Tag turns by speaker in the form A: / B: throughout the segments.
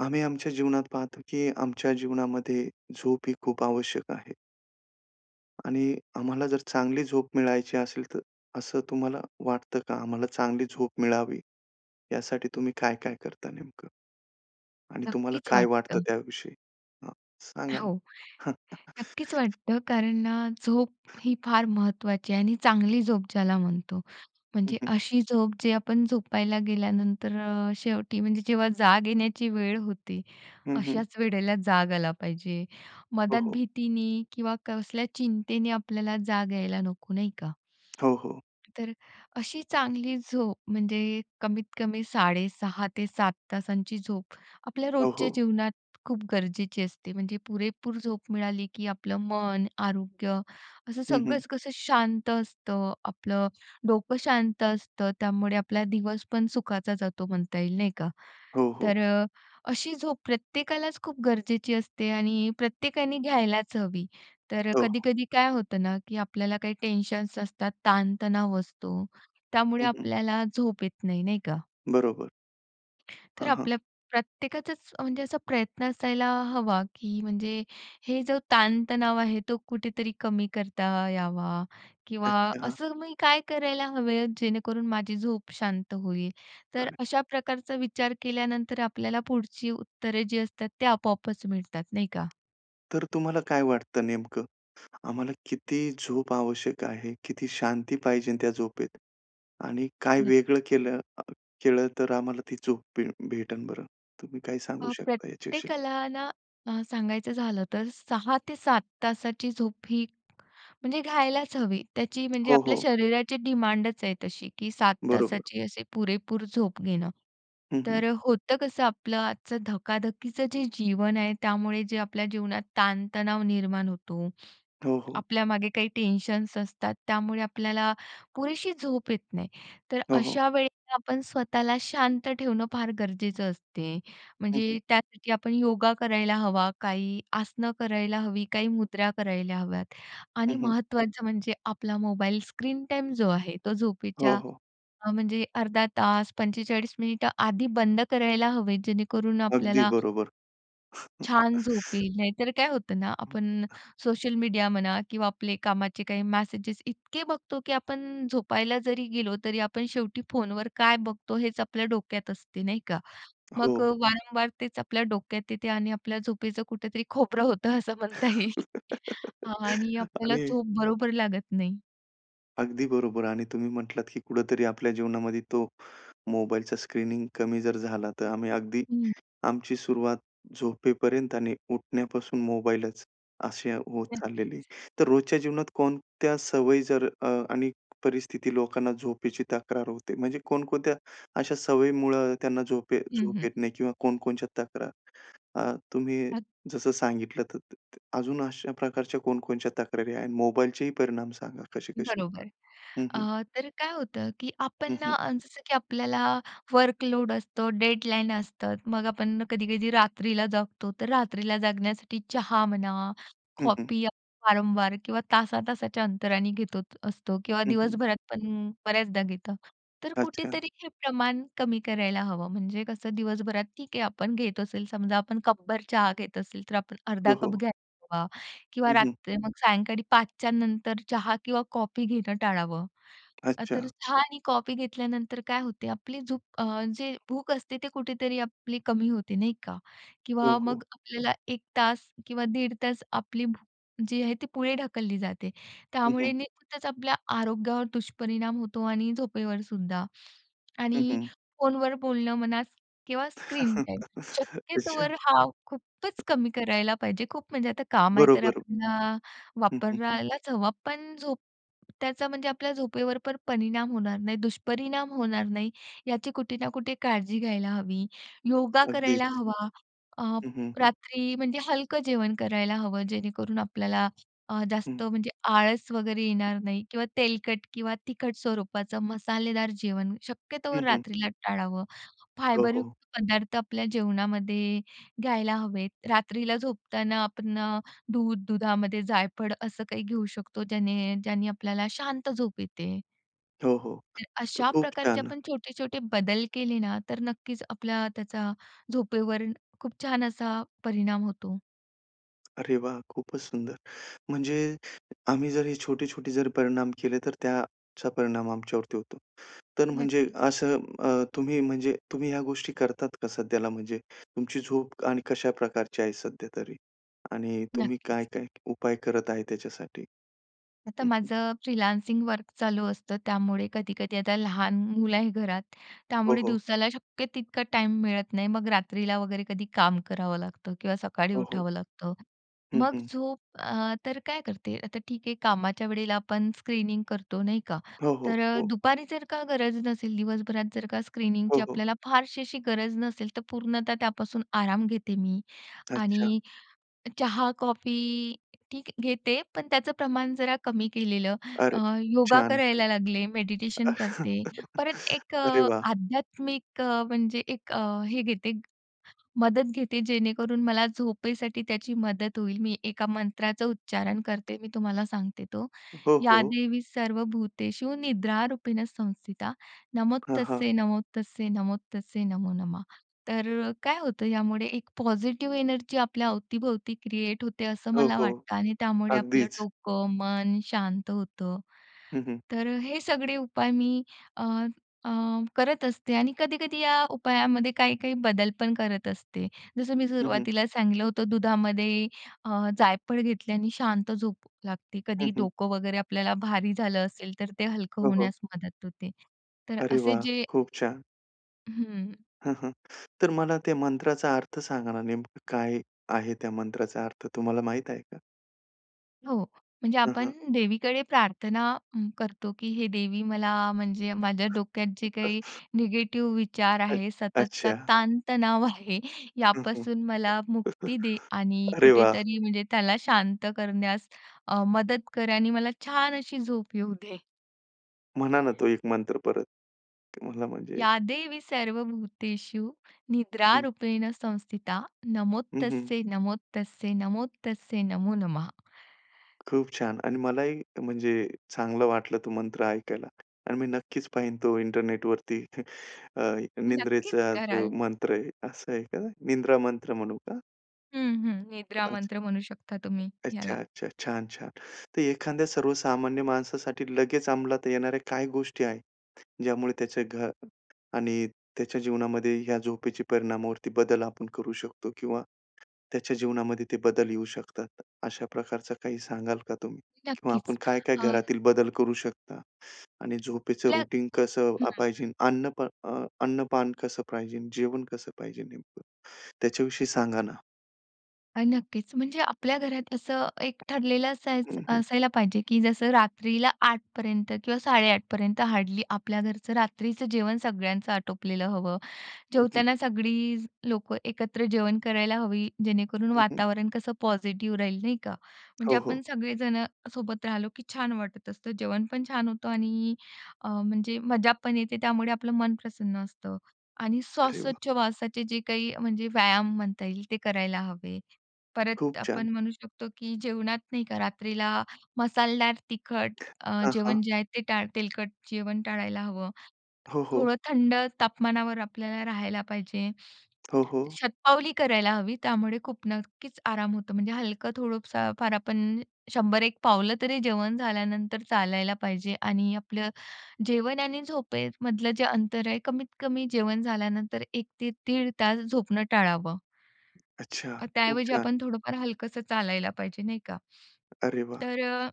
A: आम्ही आमच्या जीवनात पाहतो की आमच्या जीवनामध्ये झोप ही खूप आवश्यक आहे. आणि आम्हाला जर चांगली झोप मिळायची असेल तर असं तुम्हाला वाटतं का आम्हाला चांगली झोप मिळावी? यासाठी तुम्ही काय-काय करता नेमकं. आणि तुम्हाला
B: नक्कीच
A: काय वाटतं
B: वाटतं.
A: त्याविषयी? हं
B: अ,
A: सांगा ना.
B: हो.
A: हं.
B: नक्कीच वाटतं कारण ना झोप ही फार महत्त्वाची आहे आणि चांगली झोप ज्याला म्हणतो.
A: हं,
B: म्हणजे
A: हं.
B: अशी झोप जे आपण झोपायला गेल्यानंतर अ, शेवटी म्हणजे जेव्हा जाग येण्याची वेळ होती
A: हं, हं.
B: अशाच वेळेला जाग आला पाहिजे,
A: हो,
B: मद्यात
A: हो.
B: भीतीने किंवा कसल्या चिंतेने आपल्याला जाग यायला नको, नाही का.
A: हो, हो.
B: तर अशी चांगली झोप म्हणजे कमीत कमी 6.5-7 तासांची झोप आपल्या
A: हो,
B: रोजच्या
A: हो.
B: जीवनात खूप गरजेची असते. म्हणजे पुरेपूर झोप मिळाली की आपलं मन, आरोग्य असं
A: हं, हं.
B: सगळंच कसं शांत असतं. आपलं डोकं शांत असतं त्यामुळे आपला दिवसपण सुखाचा जातो म्हणता येईल, नाही का.
A: हो, हो.
B: तर अ, अशी झोप प्रत्येकालाच खूप गरजेची असते आणि प्रत्येकाने घ्यायलाच हवी. तर
A: हो.
B: कधी-कधी काय होतं ना, की आपल्याला काही टेन्शन्स असतात, ताणतणाव असतो त्यामुळे
A: हं, हं.
B: आपल्याला झोप येत नाही, नाही का.
A: बरोबर.
B: तर
A: हां, हां.
B: आपल्या प्रत्येकाचाच, अ, म्हणजे असा प्रयत्न असायला हवा, की म्हणजे हे जो ताण-तणाव आहे, तो कुठेतरी कमी करता यावा किंवा
A: अच्छा.
B: असं मी काय करायला हवे आहे? जेणेकरून माझी झोप शांत होईल. तर
A: चालेल.
B: अशा प्रकारचा विचार केल्यानंतर आपल्याला पुढची उत्तरे जी असतात, ते आपोआपच मिळतात, नाही का?
A: तर तुम्हाला काय वाटतं नेमकं? आम्हाला किती झोप आवश्यक आहे? किती शांती पाहिजे त्या झोपेत आणि काय
B: नक्की.
A: वेगळं केलं अ, केलं तर आम्हाला ती झोप भे भेटेन बरं? तुम्ही काय सांगू
B: अ,
A: शकता याच्याविषयी?
B: प्रत्येकाला ना अ, सांगायचं झालं, तर 6-7 तासाची झोप ही, म्हणजे घ्यायलाच हवी त्याची, म्हणजे
A: हो,
B: आपल्या
A: हो.
B: शरीराची डिमांडच आहे तशी, की 7
A: बरोबर.
B: तासाची, असे पुरेपूर झोप घेणं.
A: हं, हं.
B: तर होतं कसं आपलं, आजचं धकाधकीचं जे जीवन आहे, त्यामुळे जे आपल्या जीवनात ताण-तणाव निर्माण होतो,
A: हो, हो.
B: आपल्यामागे काही टेन्शन्स असतात, त्यामुळे आपल्याला पुरेशी झोप येत नाही. तर
A: हो, हो.
B: अशा वेळेला आपण स्वतःला शांत ठेवणं, फार गरजेचं असते,
A: हं, हं.
B: म्हणजे त्यासाठी आपण योगा करायला हवा, काही आसनं करायला हवी, काही मुद्रा करायला हव्यात
A: हं,
B: आणि
A: हं.
B: महत्त्वाचं म्हणजे आपला मोबाईल स्क्रीन टाईम जो आहे, तो
A: हो,
B: झोपेच्या
A: हो.
B: अ, म्हणजे अर्धा तास, 45 मिनिटं आधी बंद करायला हवेत. जेणेकरून
A: अगदी
B: आपल्याला
A: बरोबर.
B: छान झोप येईल. नाहीतर काय होतं ना, आपण
A: [unintelligible]
B: सोशल मीडिया म्हणा किंवा आपले कामाचे काही मॅसेजेस इतके बघतो, की आपण झोपायला जरी गेलो, तरी आपण शेवटी फोनवर काय बघतो, हेच आपल्या डोक्यात असते, नाही का? मग
A: हो.
B: अ, वारंवार तेच आपल्या डोक्यात येते आणि आपल्या झोपेचं कुठेतरी खोबरं होतं, असं म्हणता येईल. हां, आणि आपल्याला
A: आणि
B: झोप बरोबर लागत नाही.
A: अगदी बरोबर आणि तुम्ही म्हटलात की कुठंतरी आपल्या जीवनामध्ये तो मोबाईलचा स्क्रीनिंग कमी जर झाला, तर आम्ही अगदी
B: हं.
A: आमची सुरुवात झोपेपर्यंत आणि उठण्यापासून मोबाईलच, अशी होत
B: नक्कीच
A: चाललेली.
B: आहे.
A: तर रोजच्या जीवनात कोणत्या सवयी जर अ, आणि परिस्थिती, लोकांना झोपेची तक्रार होते, म्हणजे कोणकोणत्या अशा सवयीमुळं त्यांना झोप येत
B: हं,
A: झोप
B: हं.
A: येत नाही किंवा कोणकोणच्या तक्रार. अ, तुम्ही
B: अगदी.
A: जसं सांगितलं त त त अजून अशा प्रकारच्या कोण-कोणच्या तक्रारी आहेत? मोबाईलचे ही परिणाम सांगा, कसे-कसे होतात?
B: बरोबर.
A: हं, हं.
B: अ, तर काय होतं की आपण
A: हं,
B: ना
A: हं.
B: अ, जसं की आपल्याला वर्कलोड असतो, डेडलाईन असतात. मग आपण कधी-कधी रात्रीला जागतो, तर रात्रीला जागण्यासाठी चहा म्हणा,
A: हं, हं.
B: कॉफी आपण वारंवार किंवा तासा-तासाच्या अंतराने घेतच असतो किंवा
A: हं, हं
B: दिवसभरात पण बऱ्याचदा घेतो. तर
A: अच्छा.
B: कुठेतरी हे प्रमाण कमी करायला हवं. म्हणजे कसं, दिवसभरात ठीक आहे, आपण घेत असेल समजा आपण कपभर चहा घेत असेल, तर आपण
A: हो,
B: अर्धा कप
A: हो.
B: घ्यायला हवा किंवा
A: हं, हं.
B: रात्री, मग सायंकाळी 5 नंतर चहा किंवा कॉफी घेणं टाळावं. तर
A: अच्छा.
B: चहा आणि कॉफी घेतल्यानंतर काय होते, आपली झोप अ, जे भूक असते ते कुठेतरी आपली कमी होते नाही का?
A: हो,
B: किंवा
A: हो.
B: मग आपल्याला 1 तास किंवा दीड तास आपली भूक जी आहे ती पुढे ढकलली जाते.
A: हं,
B: त्यामुळे
A: हं.
B: नेहमीच आपल्या आरोग्यावर दुष्परिणाम होतो आणि झोपेवरसुद्धा.
A: हं,
B: आणि
A: हं.
B: फोनवर बोलणं म्हणा किंवा स्क्रीन टाईम,
A: अच्छा.
B: शक्यतोवर हा खूपच कमी करायला पाहिजे. खूप म्हणजे आता काम आहे, तर
A: बरोबर.
B: आपल्याला
A: हं, हं.
B: वापरायलाच हवा, पण झोप त्याचा म्हणजे आपल्या झोपेवर पण परिणाम होणार नाही, दुष्परिणाम होणार नाही, याची कुठे ना कुठे काळजी घ्यायला हवी. योगा करायला
A: अगदीच.
B: हवा. अ,
A: हं, हं.
B: रात्री म्हणजे हलकं जेवण करायला हवं. जेणेकरून आपल्याला अ,
A: हं.
B: जास्त म्हणजे आळस वगैरे येणार नाही किंवा तेलकट किंवा तिखट स्वरूपाचं, मसालेदार जेवण शक्यतो
A: हं, हं.
B: रात्रीला टाळावं.
A: हो,
B: फायबरयुक्त
A: हो.
B: पदार्थ आपल्या जेवणामध्ये घ्यायला हवेत. रात्रीला झोपताना आपण अ, दूध, दुधामध्ये जायफळ असं काही घेऊ शकतो, ज्याने ज्याने आपल्याला शांत झोप येते.
A: हो, हो,
B: तर
A: तर
B: अशा
A: खूप
B: प्रकारचे
A: छान.
B: आपण छोटे-छोटे बदल केले ना, तर नक्कीच आपल्याला त्याचा झोपेवर खूप छान असा परिणाम होतो.
A: अरे वाह! खूपच सुंदर, म्हणजे आम्ही जर छोटे-छोटे जरी परिणाम केले, तर त्याचा परिणाम आमच्यावरती होतो. तर, म्हणजे
B: नक्कीच.
A: असं अ, तुम्ही, म्हणजे तुम्ही या गोष्टी करतात कसं? त्याला, म्हणजे तुमची झोप आणि कशा प्रकारची आहे सध्यातरी? आणि तुम्ही काय,
B: नक्कीच.
A: काय उपाय करत आहे त्याच्यासाठी?
B: आता
A: हं, हं.
B: माझं फ्रीलांसिंग वर्क चालू असतं. त्यामुळे कधी-कधी आता लहान मुलं आहे घरात,
A: हो,
B: त्यामुळे
A: हो.
B: दिवसाला शक्य तितका टाईम मिळत नाही. मग रात्रीला वगैरे कधी काम करावं लागतं किंवा सकाळी
A: हो, हो.
B: उठावं लागतं,
A: हं,
B: मग
A: हं.
B: झोप अ, तर काय करते, आता ठीक आहे, कामाच्या वेळेला आपण स्क्रीनिंग करतो नाही का?
A: हो, हो,
B: तर अ,
A: हो.
B: दुपारी जर का गरज नसेल, दिवसभरात जर का
A: हो,
B: स्क्रीनिंगची
A: हो.
B: आपल्याला फारशी अशी गरज नसेल, तर पूर्णतः त्यापासून आराम घेते मी
A: अच्छा.
B: आणि चहा, कॉफी ठीक घेते, पण त्याचं प्रमाण जरा कमी केलेलं अ,
A: अरे!
B: योगा
A: छान.
B: करायला लागले, मेडिटेशन करते, परत एक
A: अरे वाह!
B: आध्यात्मिक अ, म्हणजे एक अ, हे घेते, मदत घेते जेणेकरून मला झोपेसाठी त्याची मदत होईल. मी एका मंत्राचं उच्चारण करते, मी तुम्हाला सांगते तो,
A: हो,
B: "या
A: हो.
B: देवी सर्वभूतेषु निद्रारूपेण संस्थिता,
A: हां, हां.
B: नमस्तस्यै नमस्तस्यै नमस्तस्यै नमो नमः" तर काय होतं, यामुळे एक पॉझिटिव्ह एनर्जी आपल्या अवतीभोवती क्रिएट होते, असं
A: हो,
B: मला
A: हो,
B: वाटतं आणि त्यामुळे आपलं
A: अगदीच.
B: डोकं, मन शांत होतं,
A: हं, हं.
B: तर हे सगळे उपाय मी अ, अ, करत असते आणि कधी-कधी या उपायामध्ये काही-काही बदल पण करत असते. जसं मी
A: हं, हं.
B: सुरुवातीला सांगितलं होतं दुधामध्ये अ, जायफळ घेतल्याने शांत झोप लागते,
A: हं,
B: कधी
A: हं.
B: डोकं वगैरे आपल्याला भारी झालं असेल, तर ते हलकं
A: हो, हो.
B: होण्यास मदत होते. तर
A: अरे
B: असे
A: वाह!
B: जे
A: खूप छान.
B: हं.
A: हं, हं. तर मला त्या मंत्राचा अर्थ सांगा ना, नेमकं काय आहे त्या मंत्राचा अर्थ तुम्हाला माहीत आहे का?
B: हो. म्हणजे
A: हां,
B: आपण
A: हां.
B: देवीकडे प्रार्थना हं, करतो की हे देवी मला म्हणजे माझ्या डोक्यात जे काही निगेटिव्ह विचार
A: [unintelligible]
B: आहे सततचा
A: अच्छा.
B: ताणतणाव आहे
A: हं, हं.
B: यापासून मला मुक्ती दे आणि
A: अरे वाह!
B: कुठेतरी म्हणजे त्याला शांत करण्यास अ, मदत कर आणि मला छान अशी झोप येऊ दे.
A: म्हणा ना, तो एक मंत्र परत. ते मला म्हणजे
B: या देवी सर्वभूतेषु
A: हं.
B: निद्रारूपेण संस्थिता।
A: हं, हं.
B: नमस्तस्यै नमस्तस्यै नमस्तस्यै नमो नमः॥
A: खूप छान. आणि मलाही म्हणजे चांगलं वाटलं तो मंत्र ऐकायला. आणि मी नक्कीच पाहीन तो इंटरनेटवरती. अ,
B: नक्कीच
A: निंद्रेचा जो
B: कराल.
A: मंत्र आहे असं आहे का? निंद्रा मंत्र म्हणू का?
B: हं, हं. निद्रा
A: कदाचित.
B: मंत्र म्हणू शकता तुम्ही
A: अच्छा,
B: ह्याला.
A: अच्छा. छान, छान. तर एखाद्या सर्वसामान्य माणसासाठी लगेच अंमलात येणाऱ्या काही गोष्टी आहेत, ज्यामुळे त्याच्या घर आणि त्याच्या जीवनामध्ये या झोपेच्या परिणामावरती बदल आपण करू शकतो किंवा त्याच्या जीवनामध्ये ते बदल येऊ शकतात, अशा प्रकारचं काही सांगाल का तुम्ही? किंवा आपण
B: नक्कीच.
A: काय-काय
B: अ
A: घरातील बदल करू शकता? आणि झोपेचं
B: आपल्या
A: रुटीन कसं
B: हं,
A: अ,
B: हं.
A: पाहिजे? अन्न अ, अन्नपान कसं पाहिजे? जेवण कसं पाहिजे नेमकं? त्याच्याविषयी सांगा ना.
B: अ, नक्कीच म्हणजे आपल्या घरात असं एक ठरलेलं असायचं
A: हं, हं.
B: असायला पाहिजे, की जसं रात्रीला 8पर्यंत किंवा 8:30पर्यंत हार्डली आपल्या घरचं रात्रीचं जेवण सगळ्यांचं आटोपलेलं हवं.
A: हं, हं.
B: जेवताना सगळी लोकं एकत्र जेवण करायला हवी. जेणेकरून
A: हं, हं.
B: वातावरण कसं पॉझिटिव्ह राहील नाही का. म्हणजे
A: हो, हो.
B: आपण सगळेजणं सोबत राहिलो, की छान वाटत असतं. जेवणपण छान होतं आणि अ, म्हणजे मजापण येते. त्यामुळे आपलं मन प्रसन्न असतं. आणि
A: अरे वाह!
B: श्वासोछावास जे काही म्हणजे व्यायाम म्हणता येईल ते करायला हवे.
A: खूप
B: परत
A: छान.
B: आपण म्हणू शकतो, की जेवणात नाही का रात्रीला मसालेदार तिखट
A: [unintelligible]
B: अ,
A: हां,
B: जेवण
A: हां.
B: जे आहे ते टाळ तेलकट जेवण टाळायला हवं.
A: हो, हो.
B: थोडं थंड तापमानावर आपल्याला राहायला पाहिजे,
A: हो, हो.
B: शतपावली करायला हवी. त्यामुळे खूप नक्कीच आराम होतो. म्हणजे हलकं थोडंसं फार आपण 100-1 पावलं तरी जेवण झाल्यानंतर चालायला पाहिजे आणि आपलं जेवण आणि झोपेमधलं जे अंतर आहे कमीत कमी जेवण झाल्यानंतर 1 ते 1:30 तास झोपणं टाळावं.
A: अच्छा.
B: अ,
A: खूप
B: त्याऐवजी
A: छान.
B: आपण थोडंफार हलकसं चालायला पाहिजे नाही का?
A: अरे वाह!
B: तर अ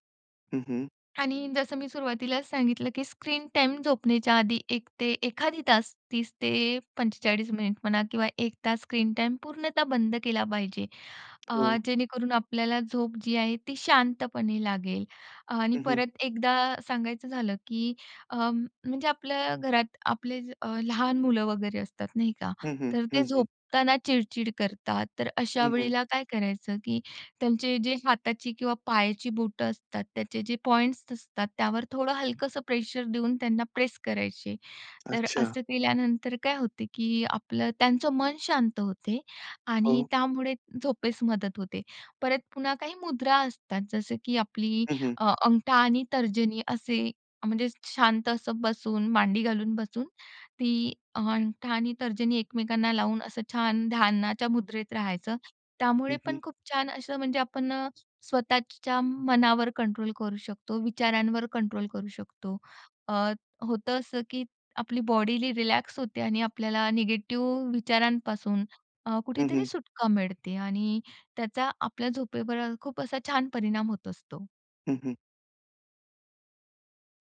A: हं, हं.
B: आणि जसं मी सुरुवातीलाच सांगितलं, की स्क्रीन टाईम झोपण्याच्या आधी 1 ते एखादी तास 30 ते 45 मिनिट म्हणा किंवा 1 तास स्क्रीन टाईम पूर्णतः बंद केला पाहिजे. अ,
A: हो.
B: जेणेकरून आपल्याला झोप जी आहे ती शांतपणे लागेल. आणि
A: हं, हं.
B: परत एकदा सांगायचं झालं, की अ, म्हणजे आपल्या घरात आपले अ, लहान मुलं वगैरे असतात, नाही का.
A: हं, हं,
B: तर ते
A: हं, हं.
B: झोपताना चिड-चिड करतात, तर अशा
A: हं, हं.
B: वेळेला काय करायचं, की त्यांचे जे हाताची किंवा पायाची बोटं असतात. त्याचे जे पॉइंट्स असतात त्यावर थोडं हलकंसं प्रेशर देऊन त्यांना प्रेस करायचे. तर
A: अच्छा.
B: असं केल्यानंतर काय होते, की आपलं त्यांचं मन शांत होते आणि
A: हो.
B: त्यामुळे झोपेस मदत होते. परत पुन्हा काही मुद्रा असतात. जसं की आपली
A: हं, हं.
B: अ, अंगठा आणि तर्जनी असे अ, म्हणजे शांत असं बसून मांडी घालून बसून ती अंगठा आणि तर्जनी एकमेकांना लावून असं छान ध्यानाच्या मुद्रेत राहायचं.
A: हं,
B: त्यामुळे
A: हं.
B: पण खूप छान असं म्हणजे आपण स्वतःच्या मनावर कंट्रोल करू शकतो. विचारांवर कंट्रोल करू शकतो. अ, होतं असं, की आपली बॉडीही रिलॅक्स होते आणि आपल्याला निगेटिव्ह विचारांपासून अ,
A: हं,
B: कुठेतरी
A: हं.
B: सुटका मिळते. आणि त्याचा आपल्या झोपेवर खूप असा छान परिणाम होत असतो.
A: हं, हं.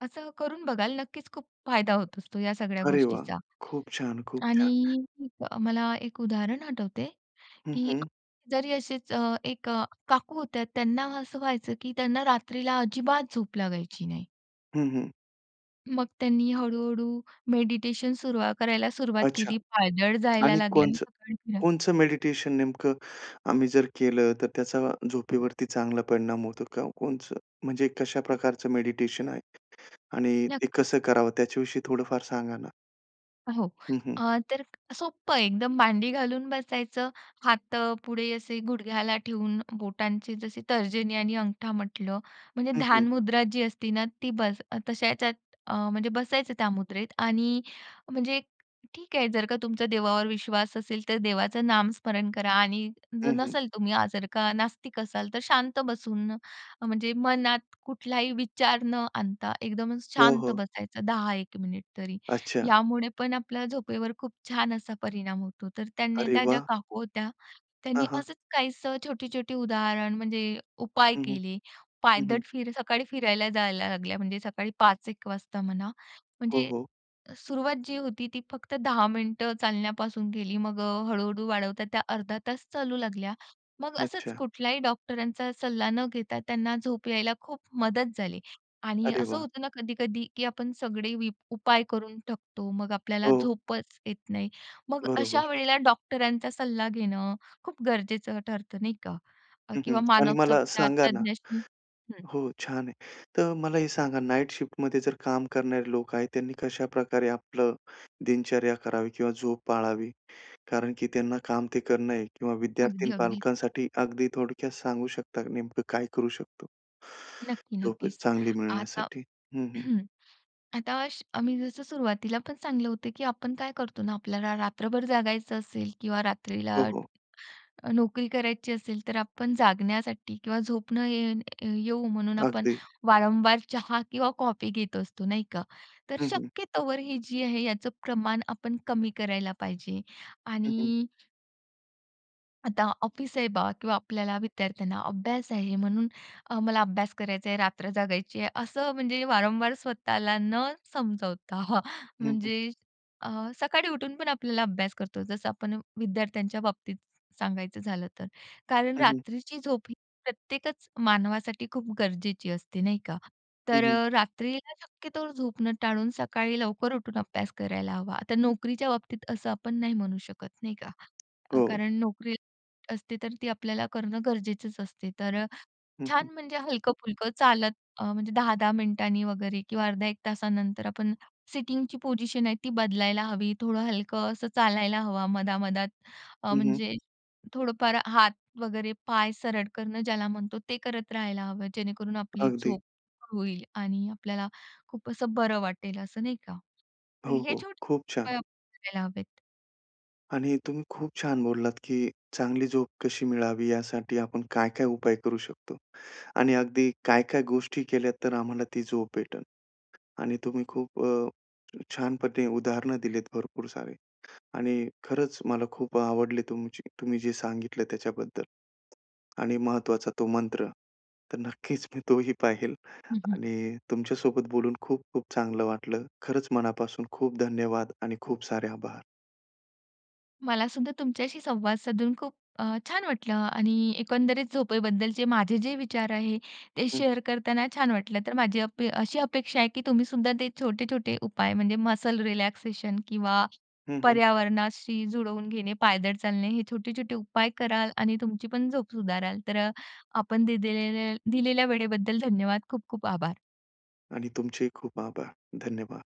B: असं करून बघाल नक्कीच खूप फायदा होत असतो या सगळ्या
A: अरे वाह!
B: गोष्टीचा.
A: खूप छान! खूप छान!
B: आणि मला एक उदाहरण आठवते,
A: हं,
B: की
A: हं.
B: जरी असेच एक काकू होत्यात त्यांना असं व्हायचं, की त्यांना रात्रीला अजिबात झोप लागायची नाही.
A: हं, हं.
B: मग त्यांनी हळू-हळू मेडिटेशन सुरु करायला सुरुवात
A: अच्छा.
B: केली, पायदळ जायला
A: आणि
B: लागली
A: कोणचं
B: सकाळी फिरा
A: कोणचं मेडिटेशन नेमकं आम्ही जर केलं, तर त्याचा झोपेवरती चांगला परिणाम होतो का कोणचं? म्हणजे कशा प्रकारचं
B: [unintelligible]
A: मेडिटेशन आहे? आणि ते
B: नक्कीच.
A: कसं करावं? त्याच्याविषयी थोडंफार सांगा ना.
B: हो.
A: हं, हं.
B: अ, तर सोपं आहे एकदम. मांडी घालून बसायचं. हात अ, पुढे असे गुडघ्याला ठेवून बोटांची जसे तर्जनी आणि अंगठा म्हटलं, म्हणजे
A: हं, हं.
B: ध्यान मुद्रा जी असते ना ती बस अ, तशा ह्याच्यात अ, म्हणजे बसायचं त्या मुद्रेत. आणि म्हणजे ठीक आहे जर का तुमचा देवावर विश्वास असेल तर देवाचं नामस्मरण करा. आणि जर
A: हं, हं.
B: नसाल; तुम्ही जर का नास्तिक असाल, तर शांत बसून. म्हणजे मनात कुठलाही विचार न आणता एकदम
A: हो,
B: शांत
A: हो.
B: बसायचं 10-1 मिनिट तरी.
A: अच्छा.
B: यामुळे पण आपल्याला झोपेवर खूप छान असा परिणाम होतो. तर त्यांनी
A: अरे
B: त्या ज्या
A: वाह!
B: काकू होत्या, त्यांनी
A: हां, हां.
B: असंच काहीसं छोटी-छोटी उदाहरण; म्हणजे उपाय
A: हं, हं.
B: केले.
A: हं,
B: पायदळ
A: हं.
B: फिर सकाळी फिरायला जायला लागल्या. म्हणजे सकाळी 5-1 वाजता म्हणा.
A: हो,
B: म्हणजे
A: हो.
B: सुरुवात जी होती ती फक्त 10 मिनिटं चालण्यापासून केली. मग हळू-हळू वाढवतात त्या अर्धा तास चालू लागल्या, मग असंच
A: अच्छा.
B: कुठल्याही डॉक्टरांचा सल्ला न घेता त्यांना झोप यायला खूप मदत झाली. आणि
A: अरे
B: असं
A: वाह!
B: होतं ना कधी-कधी की आपण सगळे वीप उपाय करून टाकतो मग आपल्याला
A: हो.
B: झोपच येत नाही. मग अशा
A: बरोबर.
B: वेळेला डॉक्टरांचा सल्ला घेणं खूप गरजेचं ठरतं नाही का
A: हं, हं.
B: किंवा
A: आणि मला सांगा ना
B: मानसोपचारतज्ञाशी हं.
A: हो छान आहे. तर मला हे सांगा नाईट शिफ्ट मध्ये जर काम करणारे लोक आहेत त्यांनी कशाप्रकारे आपलं दिनचर्या करावी किंवा झोप पाळावी? कारण की त्यांना काम ते करणं आहे किंवा विद्यार्थी
B: अगदी,
A: आणि
B: अगदीच.
A: पालकांसाठी अगदी थोडक्यात सांगू शकता नेमकं काय करू शकतो,
B: नक्की.
A: झोप
B: नक्कीच.
A: चांगली
B: आता
A: मिळण्यासाठी? हं, हं.
B: हं. आता आम्ही जसं सुरुवातीला पण सांगितलं होतं, की आपण काय करतो ना आपल्याला रात्रभर जागायचं असेल किंवा रात्रीला
A: हो, हो.
B: अ, नोकरी करायची असेल तर आपण जागण्यासाठी किंवा झोप न ये येऊ म्हणून आपण
A: अगदी.
B: वारंवार चहा किंवा कॉफी घेत असतो, नाही का? तर
A: हं, हं.
B: शक्यतोवर ही जी आहे याचं प्रमाण आपण कमी करायला पाहिजे.
A: हं, हं.
B: आणि आता ऑफिस आहे बा किंवा आपल्याला विद्यार्थ्यांना अभ्यास आहे म्हणून अ, मला अभ्यास करायचा आहे, रात्र जगायची आहे. असं म्हणजे वारंवार स्वतःला न समजवता हां.
A: हं, हं.
B: म्हणजे अ, सकाळी उठून पण आपल्याला अभ्यास करतो. जसं आपण विद्यार्थ्यांच्या बाबतीत सांगायचं झालं तर. कारण
A: हं, हं.
B: रात्रीची झोप ही, प्रत्येकच मानवासाठी खूप गरजेची असते नाही का.
A: हं,
B: तर
A: हं.
B: अ, रात्रीला शक्यतो झोपन टाळून सकाळी लवकर उठून अभ्यास करायला हवा. तर नोकरीच्या बाबतीत असं आपण नाही म्हणू शकत नाही का. अ,
A: हो.
B: कारण नोकरी असते, तर ती आपल्याला करणं गरजेचंच असते. तर अ,
A: हं, हं.
B: छान म्हणजे हलक-पुलकं चालत म्हणजे अ, 10-10 मिनिटांनी वगैरे किंवा अर्धा 1 तासानंतर आपण सिटिंगची पोझिशन आहे ती बदलायला हवी. थोडं हलकं असं चालायला हवं मधा मधात. अ,
A: हं, हं.
B: म्हणजे थोडंफार हात वगैरे पाय सरळ करणं ज्याला म्हणतो, ते करत राहायला हवं, जेणेकरून आपली
A: अगदी.
B: झोप होईल आणि आपल्याला खूप असं बरं वाटेल असं नाही का. तर
A: हो,
B: हे
A: हो.
B: छोटे
A: खूप छान.
B: उपाय करायला हवेत.
A: आणि तुम्ही खूप छान बोललात, की चांगली झोप कशी मिळावी यासाठी आपण काय-काय उपाय करू शकतो आणि अगदी काय, काय गोष्टी केल्यात तर आम्हाला ती झोप भेटेल. आणि तुम्ही खूप अ, छानप्रकारे उदाहरणं दिलीत भरपूर सारे आणि खरंच मला खूप आवडली तुमची तुम्ही जे सांगितलं त्याच्याबद्दल. आणि महत्त्वाचा तो मंत्र. तर नक्कीच मी तोही पाहिल
B: हं, हं.
A: आणि तुमच्या सोबत बोलून खूप, खूप चांगलं वाटलं. खरंच मनापासून खूप धन्यवाद आणि खूप सारे आभार.
B: मलासुद्धा तुमच्याशी संवाद साधून खूप अ, छान वाटलं आणि एकंदरीत झोपेबद्दलचे माझे जे विचार आहे, ते
A: हं, हं.
B: शेअर करताना छान वाटलं. तर माझी अप अ, अशी अपेक्षा आहे, की तुम्हीसुद्धा ते छोटे-छोटे उपाय म्हणजे, मसल रिलॅक्सेशन किंवा
A: हं, हं.
B: पर्यावरणाशी जुळवून घेणे, पायदळ चालणे हे छोटे-छोटे उपाय कराल आणि तुमची पण झोप सुधाराल. तर आपण दे दिलेलेल दिलेल्या वेळेबद्दल धन्यवाद. खूप, खूप आभार.
A: आणि तुमचेही खूप आभार. धन्यवाद.